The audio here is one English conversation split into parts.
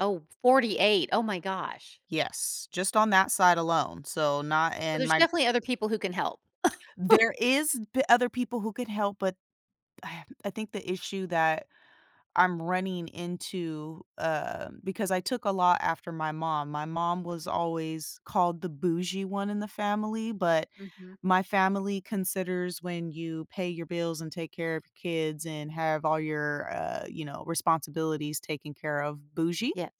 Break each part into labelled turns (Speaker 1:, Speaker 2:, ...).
Speaker 1: Oh, 48, oh my gosh.
Speaker 2: Yes, just on that side alone, so, not
Speaker 1: So,
Speaker 2: in
Speaker 1: there's
Speaker 2: my
Speaker 1: definitely other people who can help.
Speaker 2: There is th other people who could help, but I think the issue that I'm running into um, because I took a lot after my mom. My mom was always called the bougie one in the family, but
Speaker 1: Mhm.
Speaker 2: my family considers when you pay your bills, and take care of kids, and have all your, uh, you know, responsibilities taken care of, bougie?
Speaker 1: Yes.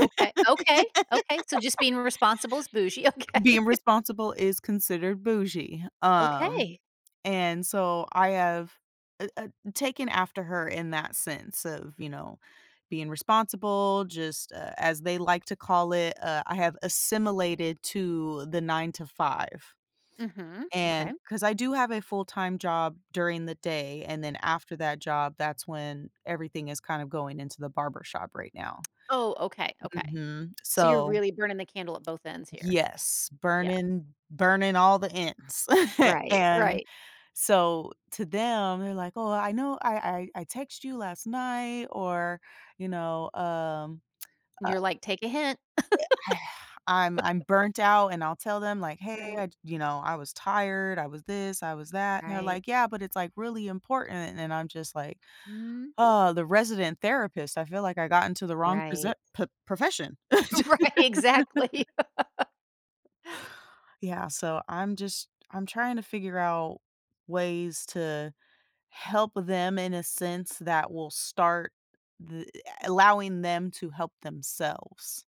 Speaker 1: Okay okay! Okay, so, just being responsible is "bougie," okay.
Speaker 2: Being responsible is considered "bougie." Um,
Speaker 1: Okay.
Speaker 2: and so I have, eh, ah, taken after her in that sense of, you know, being responsible, just a as they like to call it, uh, I have assimilated to the 9 to 5,
Speaker 1: Mhm, okay.
Speaker 2: and 'cause I do have a full time job during the day, and then, after that job, that's when everything is kinda going into the barbershop right now.
Speaker 1: Oh, okay, okay,
Speaker 2: Mhm,
Speaker 1: so you're
Speaker 2: so
Speaker 1: really burning the candle at both ends here.
Speaker 2: Yes,
Speaker 1: Yeah.
Speaker 2: burning burning all the ends,
Speaker 1: Right,
Speaker 2: and
Speaker 1: right.
Speaker 2: so, to them, they're like, "Oh, I know I I I text you last night," or, you know, um, uh
Speaker 1: You're,
Speaker 2: eh,
Speaker 1: like, "Take a hint."
Speaker 2: I I'm I'm burnt out, and I'll tell them like, "Hey,
Speaker 1: Alright.
Speaker 2: I you know, I was tired, I was this, I was that," and they're
Speaker 1: Right.
Speaker 2: like, "Yeah, but, it's, like, really important," and I'm just, like,
Speaker 1: Mhm.
Speaker 2: "Oh, the resident therapist, I feel, like, I got into the wrong proce
Speaker 1: Right.
Speaker 2: pro profession."
Speaker 1: Right, exactly.
Speaker 2: Yeah, so, I'm just I'm trying to figure out ways to help them, in a sense that will start th a allowing them to help themselves.